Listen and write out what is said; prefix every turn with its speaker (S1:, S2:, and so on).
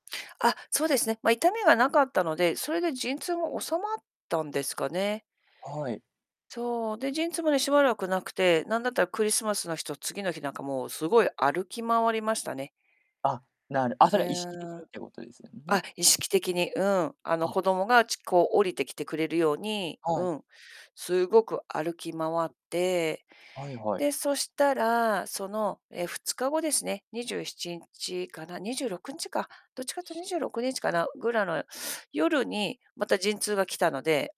S1: あっ、そうですね。ま、痛みがなかったので、それで陣痛が治まったんですかね。
S2: はい。
S1: そう。で、陣痛もね、しばらく無くて。なんだったらクリスマスの日と、次の日なんかもう、すごい歩き回りましたね。
S2: あ、なるあ、
S1: う
S2: それは意識的
S1: ーん。
S2: にってするいうことですよ
S1: あ
S2: ね？
S1: っ、意識的に、うん。あの、
S2: あ。
S1: 子供が、ちこう下りてきてくれるように、
S2: はい。
S1: うん、すごく歩き回って。
S2: はいはい。
S1: で、そしたら、その、え、2日後ですね、27日かな、26日か、どっちかというと26日かな、ぐらの夜にまた陣痛が来たので